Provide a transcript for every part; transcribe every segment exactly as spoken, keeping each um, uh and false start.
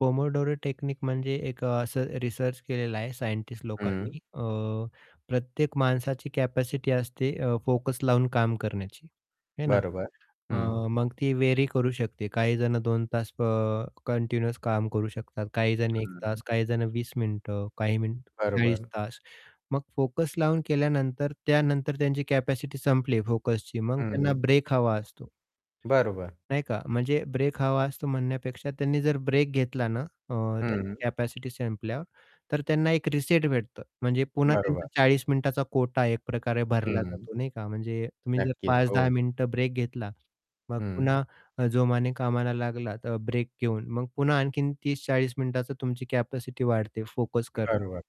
Pomodoro technique म्हणजे एक अ, असं रिसर्च केलेला आहे सायंटिस्ट हं. लोकांनी अ, प्रत्येक माणसाची कॅपॅसिटी असते अ, फोकस लावून काम करण्याची है ना, बरोबर. हं. अ, मग ती वेरी करू शकते, काहीजण दोन तास अ, कंटिन्यू काम करू शकतात काहीजण एक हं. तास काहीजण वीस मिनिटं काही मिनिट चाळीस बरोबर. तास मग फोकस लावून केल्यानंतर, त्यानंतर त्यांची कॅपॅसिटी संपली फोकसची मग त्यांना हं. ब्रेक हवा असतो. बरोबर. नाही का म्हणजे ब्रेक हवा असतो म्हणण्यापेक्षा त्यांनी जर ब्रेक घेतला ना, अ, त्यांची हं. कॅपॅसिटी संपल्यावर तर त्यांना एक रिसेट भेटतो म्हणजे पुन्हा बरोबर. त्यांचा चाळीस मिनिटाचा कोटा एकप्रकारे भरला हं. जातो नाही का म्हणजे तुम्ही जर नक्कीच. पाच-दहा हो. मिनिटं ब्रेक घेतला, मग हं. पुन्हा अ, जोमाने कामाला लागला अ, ब्रेक घेऊन मग पुन्हा आणखीन तीस-चाळीस मिनिटाचा तुमची कॅपॅसिटी वाढते फोकस करण्याची बरोबर.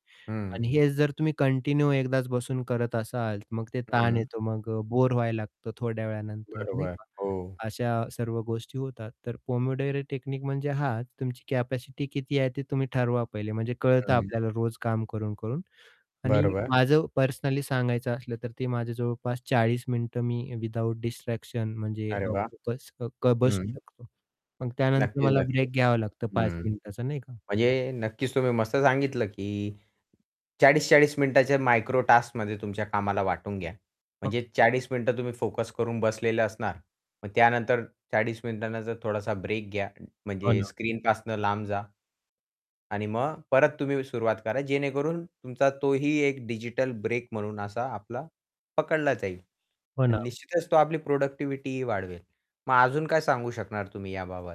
आणि हं. हेच जर तुम्ही कंटिन्यू एकदाच बसून करत असाल मग ते ताण हं. येतो मग अ, बोर व्हायला लागतो थोड्या वेळानंतर नाही बरोबर, का. हो. अशा सर्व गोष्टी होतात तर पोमोडोरो टेक्निक म्हणजे हा तुमची कॅपॅसिटी किती आहे ते तुम्ही ठरवा पहिले म्हणजे कळतं हं. आपल्याला रोज काम करून-करून आणि बरोबर. माझं पर्सनली सांगायचं असलं तर ते माझ्या जवळपास चाळीस मिनिटं मी विदाऊट डिस्ट्रॅक्शन म्हणजे अरे अ, वाह! फोकस्ड क बसू हं. शकतो. मग त्यानंतर नक्कीच, मला नक्कीच. ब्रेक घ्यावा लागतो पाच हं. मिनिटाचा नाही का? म्हणजे नक्कीच तुम्ही मस्त सांगितलं की चाळीस चाळीस मिनिटांच्या मायक्रो टास्कमध्ये तुमच्या कामाला वाटून घ्या. म्हणजे चाळीस मिनिटं तुम्ही फोकस करून बसलेले असणार. मग त्यानंतर चाळीस मिनिटानंतर थोडासा ब्रेक घ्या हो म्हणजे ना. स्क्रीनपासून लांब जा. आणि मग परत तुम्ही सुरुवात करा जेणेकरून तुमचा तोही एक डिजिटल ब्रेक म्हणून असा आपला पकडला जाईल. हो आणि ना. निश्चितच तो आपली प्रोडक्टिव्हिटीही वाढवेल. मग अजून काय सांगू शकणार तुम्ही याबाबत?